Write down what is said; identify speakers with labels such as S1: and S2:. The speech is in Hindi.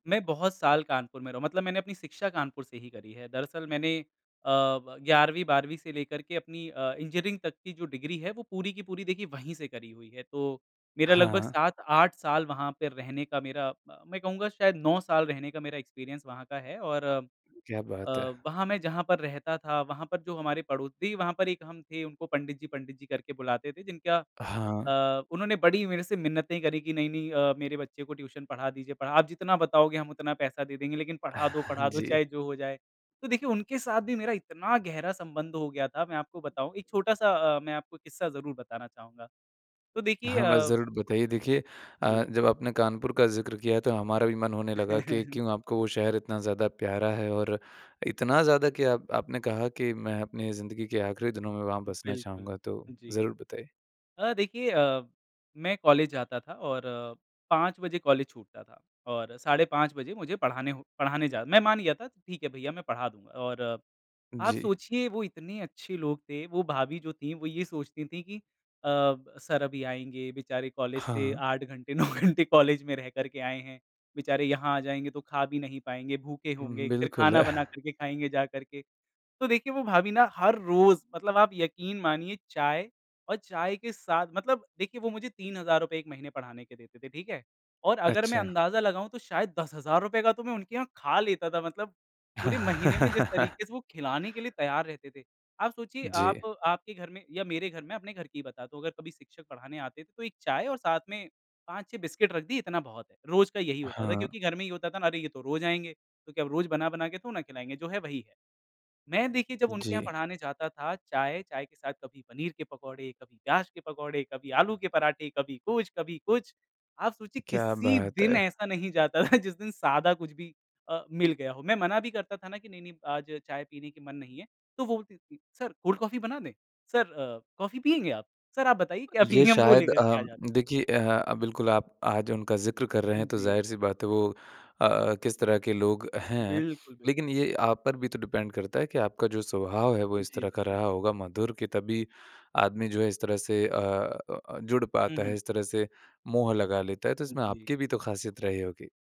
S1: मैं बहुत साल कानपुर में रहा हूँ, मतलब मैंने अपनी शिक्षा कानपुर से ही करी है। दरअसल मैंने अ, ब 11वीं, 12वीं से लेकर के अपनी अ, इंजीनियरिंग तक की जो डिग्री है, वो पूरी की पूरी देखिए वहीं से करी हुई है। तो, मेरा लगभग
S2: हाँ।
S1: 7-8 साल वहाँ पे रहने का मेरा अ, मैं कहूँगा शायद 9 साल रहने का मेरा एक्सपीरियंस वहाँ का है। और अ,
S2: क्या बात है!
S1: वहाँ मैं जहाँ पर रहता था वहाँ पर जो हमारे पड़ो देखिए, वहाँ पर एक हम थे उनको पंडित जी, पंडित जी करके बुलाते थे जिनका
S2: हाँ।
S1: अ, उन्होंने बड़ी मेरे से मिन्नतें करी कि नहीं, नहीं अ, मेरे बच्चे को ट्यूशन पढ़ा दीजिए, पढ़ा आप जितना बताओगे हम उतना पैसा दे देंगे लेकिन पढ़ा दो पढ़ा दो
S2: जी।
S1: चाहे जो हो जाए। तो देखिए उनके साथ भी मेरा इतना गहरा संबंध हो गया था, मैं आपको बताऊँ, एक छोटा-सा अ, मैं आपको किस्सा ज़रूर बताना चाहूँगा। तो देखिए
S2: हाँ, बस
S1: अ
S2: ज़रूर बताइए देखिए अ,
S1: जी।
S2: जब आपने कानपुर का ज़िक्र किया तो हमारा भी मन होने लगा कि क्यों आपको वो शहर इतना ज़्यादा प्यारा है और इतना ज़्यादा कि आप आपने कहा कि मैं अपनी ज़िंदगी के आखिरी दिनों में वहाँ बसना
S1: बिल्कुल,
S2: चाहूँगा। तो
S1: जी।
S2: ज़रूर बताइए।
S1: अ, देखिए अ, मैं कॉलेज जाता था और 5 बजे कॉलेज छूटता था और साढ़े 5 बजे मुझे पढ़ाने हो पढ़ाने जा मैं मान गया था, ठीक है, भईया मैं पढ़ा दूँगा। और आप
S2: जी।
S1: सोचिए वो इतने अच्छे लोग थे, वो भाभी जो थी वो ये सोचती थी कि अ, सर अभी आएँगे, बेचारे कॉलेज से
S2: हाँ।
S1: 8 घंटे, 9 घंटे कॉलेज में रह कर के आएँ हैं, बेचारे यहाँ आ जाएँगे तो खा भी नहीं पाएँगे, भूखे
S2: उम,
S1: होंगे, फिर
S2: बिल्कुल।
S1: खाना बना कर के खाएँगे जा करके। तो देखिए, वो भाभी ना हर रोज़ मतलब आप यकीन मानिए, चाय और चाय के साथ मतलब देखिए वो मुझे 3000 रूपये 1 महीने पढ़ाने के देते थे, ठीक है? और अगर मैं
S2: अच्छा।
S1: अंदाजा लगाऊँ तो शायद 10,000 रूपये का तो मैं उनके यहाँ खा लेता था मतलब, पूरे महीने में जिस तरीके से वो खिलाने के लिए तैयार रहते थे। आप सोचिए आप
S2: जी।
S1: आपके घर में या मेरे घर में, अपने घर की ही बताता हूँ। अगर कभी शिक्षक पढ़ाने आते थे, तो एक चाय और साथ में 5-6 बिस्कुट रख दी इतना बहुत है, रोज़ का यही होता था
S2: हाँ।
S1: क्योंकि घर में ये होता था ना, अरे ये तो रोज़ आएँगे, क्योंकि अब रोज बना-बना के तो ना खिलाएँगे जो है वही है। मैं देखिए, जब उनके यहाँ
S2: जी।
S1: पढ़ाने जाता था चाय, चाय के साथ कभी पनीर के पकोड़े, कभी प्याज के पकौड़े, कभी आलू के पराठे, कभी कुछ, कभी कुछ। आप सोचिए,
S2: क्या
S1: किसी
S2: बात
S1: दिन
S2: है!
S1: ऐसा नहीं जाता था, जिस दिन सादा कुछ भी अ, मिल गया हो, मैं मना भी करता था ना कि नहीं, नहीं आज चाय पीने के मन नहीं है। तो वो बोलती थी, सर कोल्ड कॉफी बना दें, सर अ, कॉफी पिएँगे आप? सर आप बताइए क्या
S2: ये
S1: पिएँगे हम वो
S2: शायद
S1: लेकर
S2: अ,
S1: के आ जाते हैं।
S2: देखिए अ, बिल्कुल आप आज उनका ज़िक्र कर रहे
S1: हुँ
S2: हैं, तो
S1: जी।
S2: ज़ाहिर-सी बात है वो अ अ, किस तरह के लोग हैं।
S1: बिल्कुल,
S2: लेकिन
S1: बिल्कुल।
S2: ये आप पर भी तो डिपेंड करता है कि आपका जो स्वभाव है, वो इस
S1: जी,
S2: तरह
S1: जी,
S2: का
S1: जी।
S2: रहा होगा मधुर के तभी आदमी जो है इस तरह से अ अ, जुड़
S1: हुँ,
S2: पाता है,
S1: हुँ।
S2: इस तरह से मोह लगा लेता है, तो इसमें
S1: जी।
S2: आपकी भी तो खासियत रही होगी।